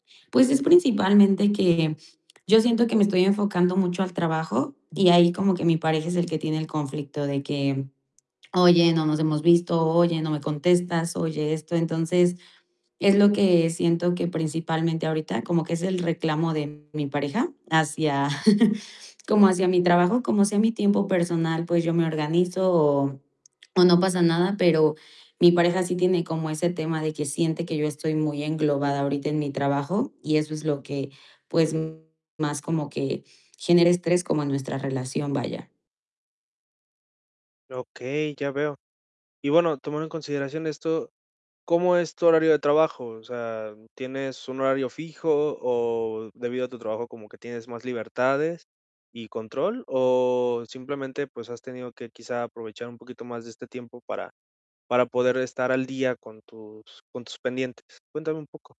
Pues, es principalmente que yo siento que me estoy enfocando mucho al trabajo, y ahí como que mi pareja es el que tiene el conflicto de que: "Oye, no nos hemos visto", "Oye, no me contestas", "Oye, esto". Entonces, es lo que siento que principalmente ahorita como que es el reclamo de mi pareja hacia como hacia mi trabajo, como así es mi tiempo personal, pues, yo me organizo o o no pasa nada, pero mi pareja sí tiene como ese tema de que siente que yo estoy muy englobada, ahorita en mi trabajo y eso es lo que, pues, más como que, genera estrés como en nuestra relación, vaya. Okey, ya veo. Y bueno, tomando en consideración esto, ¿cómo es tu horario de trabajo? O sea, ¿tienes un horario fijo o debido a tu trabajo como que tienes más libertades y control? ¿O simplemente, pues, has tenido que, quizá aprovechar un poquito más de este tiempo para para poder estar al día con tus con tus pendientes? Cuéntame un poco.